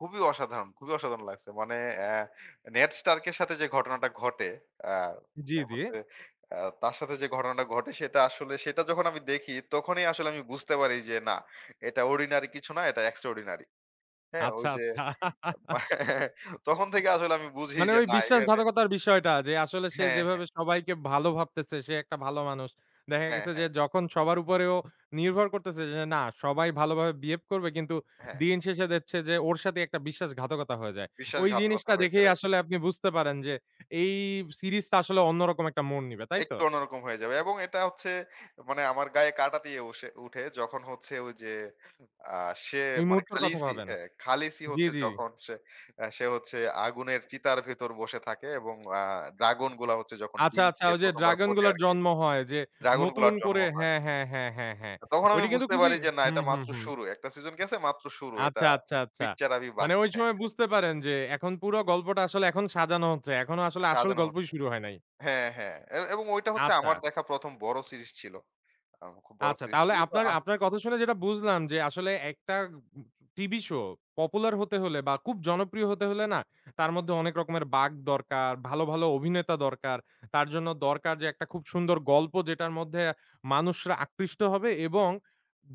খুবই অসাধারণ! খুবই অসাধারণ লাগছে! মানে আ নেড স্টার্ক এর সাথে যে ঘটনাটা ঘটে, আ জি, তার জি। মধ্যে আ তার সাথে যে ঘটনাটা ঘটে সেটা আসলে, সেটা যখন আমি দেখি তখনই আসলে আমি বুঝতে পারি যে না, এটা অর্ডিনারি কিছু না এটা এক্সট্রাঅর্ডিনারি। হ্যাঁ? ওই আচ্ছা, যে আচ্ছা। তখন থেকে আসলে আমি বুঝি মানে যে ওই না এখানে বিশ্বাসঘাতকতার বিষয়টা যে, আসলে সে হ্যাঁ, হ্যাঁ। যেভাবে সবাইকে ভালো ভাবতেছে, সে একটা ভালো মানুষ। দেখা হ্যাঁ, গেছে যে, হ্যাঁ। যখন সবার উপরে ও নির্ভর করতেছে যে, যে না, সবাই ভালোভাবে বিহেভ করবে কিন্তু, হ্যাঁ। দিন শেষে দেখছে যে, ওর সাথেই একটা বিশ্বাসঘাতকতা হয়ে যায়। ওই বিশ্বাসঘাতকতা জিনিসটা হয়ে যায় দেখেই রাইট। আসলে আপনি বুঝতে পারেন যে, এই সিরিজটা আসলে অন্যরকম একটা মোড় নিবে। তাই তো? একটু অন্যরকম হয়ে যাবে। এবং এটা হচ্ছে মানে আমার গায়ে কাঁটা দিয়ে উসে উঠে যখন হচ্ছে, ঐ যে আ সে এই মানে মুহূর্তের কথা 'খালিসি', ভাবেন। হ্যাঁ 'খালিসি' জি, হচ্ছে জি। যখন সে আ সে হচ্ছে আগুনের চিতার ভিতর বসে থাকে, এবং আ ড্রাগন গুলা হচ্ছে যখন আচ্ছা, ডিম আচ্ছা। থেকে ওই যে ১ম বার ড্রাগন ফোটে গুলার আরকি জন্ম হয়। যে নতুন ড্রাগনগুলোর জন্ম করে হয় হ্যাঁ, হ্যাঁ, হ্যাঁ, হ্যাঁ, হ্যাঁ। তখন আমি ওইটা কিন্তু বুঝতে খুবই পারি যে না, হুম, এটা হুম, মাত্র হুম। শুরু। একটা সিজন গেছে মাত্র শুরু। এটা আচ্ছা, আচ্ছা, আচ্ছা। পিকচার আভি মানে বাকি ওই হে। সময় বুঝতে পারেন যে, এখন পুরো গল্পটা আসলে এখন সাজানো হচ্ছে। এখনো আসলে আসল সাজানো গল্পই হচ্ছে। শুরু হয় নাই। হ্যাঁ, হ্যাঁ। এ এবং ওইটা হচ্ছে আমার আচ্ছা। দেখা ১ম বড় সিরিজ ছিল। আ খুব বড় আচ্ছা, সিরিজ তাহলে ছিল। তো আপনার আ আপনার কথা শুনে যেটা বুঝলাম যে, আসলে একটা উগ টিভি শো পপুলার হতে হলে বা খুব জনপ্রিয় হতে হলে না, তার মধ্যে অনেক রকমের বাঁক দরকার, ভালো, ভালো অভিনেতা দরকার, তার জন্য দরকার যে একটা খুব সুন্দর গল্প যেটার মধ্যে মানুষরা আকৃষ্ট হবে, এবং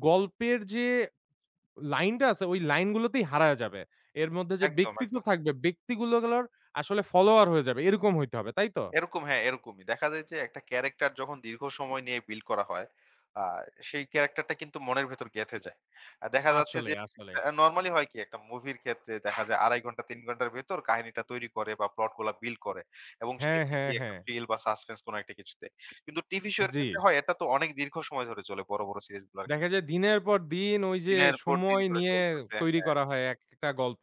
গল্পের যে স লাইনটা আছে ওই লাইন গুলোতেই হারায়া যাবে। এর মধ্যে যে একদম, ব্যক্তিত্ব একদম। থাকবে, ব্যক্তিগুলো গুলোর আসলে ফলোওয়ার হয়ে যাবে, এরকম হইতে হবে। তাই তো? এরকম, হ্যাঁ, এরকমই। দেখা যায় যে একটা ক্যারেক্টার যখন দীর্ঘ সময় নিয়ে বিল্ড করা হয়, আ সেই ক্যারাক্টারটা কিন্তু মনের ভেতর গেঁথে যায়। আর দেখা যাচ্ছে যে, আসলেই, আসলেই। [unintelligible] নরমালি হয় কি? একটা মুভির ক্ষেত্রে দেখা যায় ২.৫ ঘন্টা, ৩ ঘন্টার ভেতর কাহিনীটা তৈরি করে, বা প্লট গুলা বিল্ড করে এবং হ্যাঁ, শেষে হ্যাঁ, গিয়ে একটা হ্যাঁ। ফিল বা সাসপেন্স, কোন একটা কিছুতে। কিন্তু টিভি শো এর ক্ষেত্রে জি। হয়, এটা তো অনেক দীর্ঘ সময় ধরে চলে বড়, বড় সিরিজগুলা। দেখা যায় দিনের পর দিন ওই যে, দিনের পর দিন সময় ধরে নিয়ে চলতেছে। তৈরী হ্যাঁ। করা হয় এক-একটা গল্প।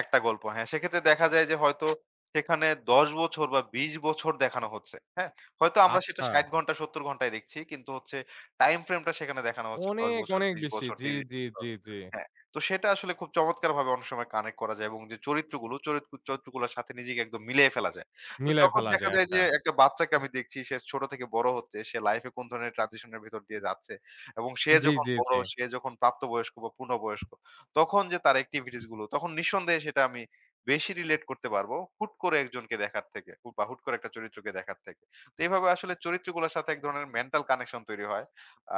১ টা গল্প, হ্যাঁ। সেক্ষেত্রে দেখা যায় যে হয়তো সেখানে ১০ বছর বা ২০ বছর দেখানো হচ্ছে। হ্যাঁ? হয়তো আমরা সেটা আচ্ছা। ৬০ ঘন্টায় ৭০ ঘন্টায় দেখছি। কিন্তু হচ্ছে টাইমফ্রেম টা সেখানে দেখানো হচ্ছে ১০ অনেক, বছর, অনেক ২০ বেশি। বছর, জি, ৩০ বছর। জি, জি, জি। হ্যাঁ, তো সেটা আসলে খুব চমৎকারভাবে অনেক সময় কানেক্ট করা যায় এবং যে চরিত্রগুলো, চরিত্র চরিত্রগুলোর সাথে নিজেকে একদম মিলিয়ে ফেলা যায়। তো মিলাই যখন ফেলা দেখা যায়। যায় আচ্ছা। যে একটা বাচ্চাকে আমি দেখছি সে ছোট থেকে বড় হচ্ছে। সে লাইফ এ কোন ধরনের ট্রানজিশন এর ভেতর দিয়ে যাচ্ছে, এবং সে জি, যখন জি, বড়, জি। সে যখন প্রাপ্ত বয়স্ক বা পূর্ণবয়স্ক, তখন যে তার এক্টিভিটিস গুলো, তখন নিঃসন্দেহে সেটা আমি বেশি রিলেট করতে পারব। হুট করে একজনকে দেখার থেকে হু বা হুট করে একটা চরিত্রকে দেখার থেকে। তো এভাবে আসলে চরিত্রগুলোর সাথে এক ধরনের মেন্টাল কানেকশন তৈরি হয়।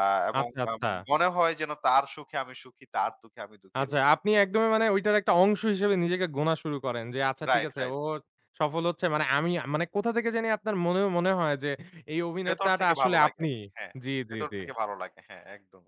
আ এবং আচ্ছা, আম আচ্ছা। মনে হয় যেন তার সুখে আমি সুখী, তার দুঃখে আমি দুঃখী আচ্ছা, এরকম। আপনি একদমই [unintelligible] মানে ওইটার একটা অংশ হিসেবে নিজেকে গোনা শুরু করেন। যে আচ্ছা ঠিক রাইট, আছে, রাইট। ও সফল হচ্ছে মানে আমি, মানে কোথা থেকে জানি আপনার মনে মনে হয় যে, এই ভেতর অভিনেতাটা থেকে ভালো আসলে লাগে আপনি। আরকি। হ্যাঁ, জি, জি, ভেতর থেকে জি। ভালো লাগে। হ্যাঁ, একদম।